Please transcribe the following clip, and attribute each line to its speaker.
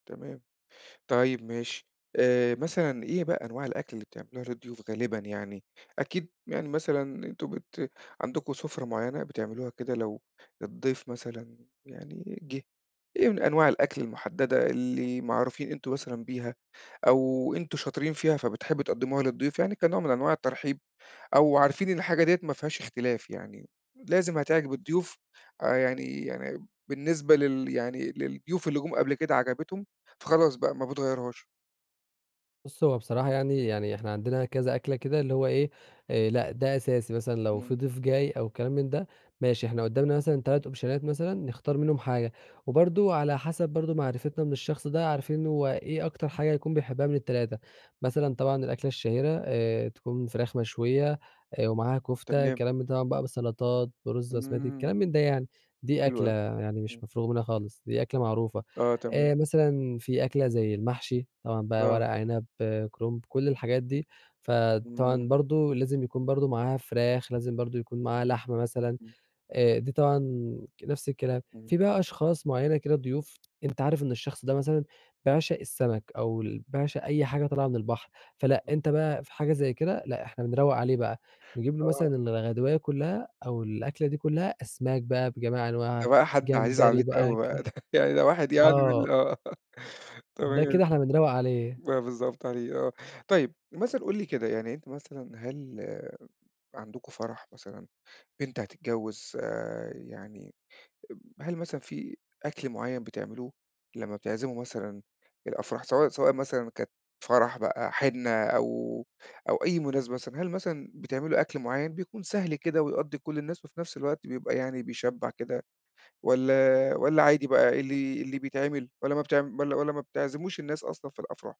Speaker 1: تمام. طيب ماشي. آآ مثلًا إيه بقى أنواع الأكل اللي بتعملوها للضيوف غالبًا يعني؟ أكيد يعني مثلًا أنتم بت عندكم سُفرة معيّنة بتعملوها كده لو الضيف مثلًا يعني جِه، إيه من أنواع الأكل المُحدّدة اللي معروفين أنتم مثلًا بيها، أو أنتم شاطرين فيها فبتحبوا تقَدِّموها للضيوف يعني كنوع من أنواع الترحيب، أو عارفين إن الحاجة دِيّة ما فيهاش إختلاف يعني، لازم هتعجب الضيوف آآ، يعني يعني بالنسبة لل يعني للضيوف اللي جُم قبل كده عجبِتهم، فخلاص بقى ما بتغيّروهاش؟
Speaker 2: بُصّ، هو بصراحة يعني، يعني إحنا عندنا كذا أكلة كده اللي هو إيه، آآ لأ ده أساسي، مثلًا لو في
Speaker 1: إمم.
Speaker 2: ضيف جاي أو كلام من ده ماشي، إحنا قُدامنا مثلًا 3 أوبشنات مثلًا نختار منهُم حاجة وبرضه على حسَب برضه معرفتنا من الشخص ده عارفين هو إيه أكتر حاجة يكون بيحبها من ال3 مثلًا طبعًا الأكلة الشهيرة آآ تكون فراخ مشويّة، آآ ومعاها كُفتة،
Speaker 1: تمام.
Speaker 2: كلام من ده طبعًا بقى بالسَّلطات، بالرز البسمتي،
Speaker 1: إمم.
Speaker 2: كلام من ده يعني، دي
Speaker 1: حلو
Speaker 2: أكلة
Speaker 1: أوي.
Speaker 2: يعني
Speaker 1: إمم.
Speaker 2: مش مفروغ منها خالص، دي أكلة معروفة،
Speaker 1: آه، تمام.
Speaker 2: آآ مثلًا في أكلة زي المحشي طبعًا بقى ورق
Speaker 1: آه.
Speaker 2: عنب، كرنب، كل الحاجات دي،
Speaker 1: إمم.
Speaker 2: فطبعًا برضه لازم يكون برضه معاها فراخ، لازم برضه يكون معاها لحمة مثلًا
Speaker 1: إمم.
Speaker 2: آآ، دي طبعًا ك نفْس الكلام.
Speaker 1: إمم.
Speaker 2: في بقى أشخاص معيّنة كده، ضيوف، أنت عارف إن الشخص ده مثلًا بيعشَق السمَك أو ال بيعشق أي حاجة طالعة من البحر، فلأ أنت بقى في حاجة زي كده لأ، إحنا بنروّق عليه بقى نجيب له
Speaker 1: آه.
Speaker 2: مثلًا الغدواية كلّها أو الأكلة دي كلّها، أسماك بقى بجميع أنواعها،
Speaker 1: ده بقى حد عزيز
Speaker 2: جمبري
Speaker 1: عليكم
Speaker 2: بقى
Speaker 1: أوي
Speaker 2: ك
Speaker 1: بقى ده يعني ده واحد يعني من ال
Speaker 2: آه.
Speaker 1: آه
Speaker 2: ده
Speaker 1: تمام.
Speaker 2: كده إحنا بنروّق عليه.
Speaker 1: آه بالضبط عليه آه. طيب مثلًا قُل لي كده يعني أنت مثلًا هل عندكم فرَح مثلًا، بنت هتتجوّز آآ، يعني هل مثلًا في أكْل معيّن بتعملوه لمّا بتعزِموا مثلًا الأفراح سواء سواء مثلًا كانت فرَح بقى حِنّة أو أو أي مناسبة مثلًا، هل مثلًا بتعملوا أكْل معيّن بيكون سهل كده ويقضّي كلّ الناس، وفي نفْس الوقت بيبقى يعني بيشبّع كده والّا والّا عادي بقى اللي اللي بيتعمل والّا ما بتع والّا والّا ما بتعزموش الناس أصلًا في الأفراح؟